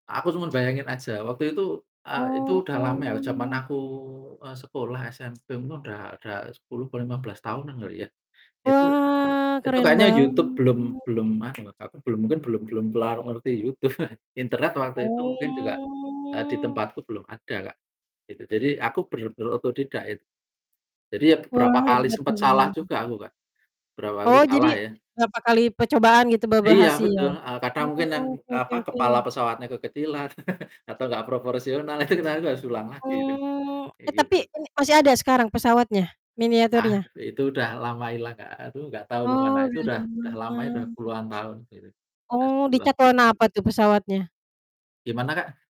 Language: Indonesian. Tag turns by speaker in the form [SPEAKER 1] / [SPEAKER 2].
[SPEAKER 1] Aku cuma bayangin aja, waktu itu a itu udah lama ya, jaman
[SPEAKER 2] Oh.
[SPEAKER 1] aku, eee, sekolah SMP mu udah udah 10 apa 15 tahunan kali ya. Itu
[SPEAKER 2] Wah,
[SPEAKER 1] itu
[SPEAKER 2] keren
[SPEAKER 1] kayaknya YouTube
[SPEAKER 2] banget.
[SPEAKER 1] belum belum ada loh Kak, apa, mungkin belum belum kelar ngerti YouTube. Internet waktu itu mungkin juga, eee, di
[SPEAKER 2] Oh.
[SPEAKER 1] tempatku belum ada Kak. Itu jadi aku ber berotodidak itu, jadi ya
[SPEAKER 2] Wah
[SPEAKER 1] beberapa kali
[SPEAKER 2] hebat
[SPEAKER 1] sempat salah
[SPEAKER 2] bener.
[SPEAKER 1] juga aku, Kak. Beberapa kali
[SPEAKER 2] Oh jadi,
[SPEAKER 1] salah ya.
[SPEAKER 2] berapa kali percobaan gitu baru
[SPEAKER 1] Iya
[SPEAKER 2] berhasil?
[SPEAKER 1] betul, heeh, kadang mungkin yang,
[SPEAKER 2] Oke
[SPEAKER 1] eee,
[SPEAKER 2] oke
[SPEAKER 1] apa,
[SPEAKER 2] oke.
[SPEAKER 1] kepala pesawatnya kekecilan, atau nggak proporsional, itu kita juga harus ulang lagi itu,
[SPEAKER 2] Oh.
[SPEAKER 1] kayak
[SPEAKER 2] E
[SPEAKER 1] gitu.
[SPEAKER 2] tapi ini masih ada sekarang pesawatnya,
[SPEAKER 1] Ah,
[SPEAKER 2] miniaturnya?
[SPEAKER 1] itu udah lama hilang Kak, aduh nggak tau ke mana.
[SPEAKER 2] Oh
[SPEAKER 1] Itu
[SPEAKER 2] udah
[SPEAKER 1] udah udah lama itu,
[SPEAKER 2] lama.
[SPEAKER 1] puluhan tahun itu, udah
[SPEAKER 2] Oh, di
[SPEAKER 1] 10-an
[SPEAKER 2] cat
[SPEAKER 1] tahun
[SPEAKER 2] warna
[SPEAKER 1] lebih.
[SPEAKER 2] apa tuh pesawatnya?
[SPEAKER 1] Gimana Kak?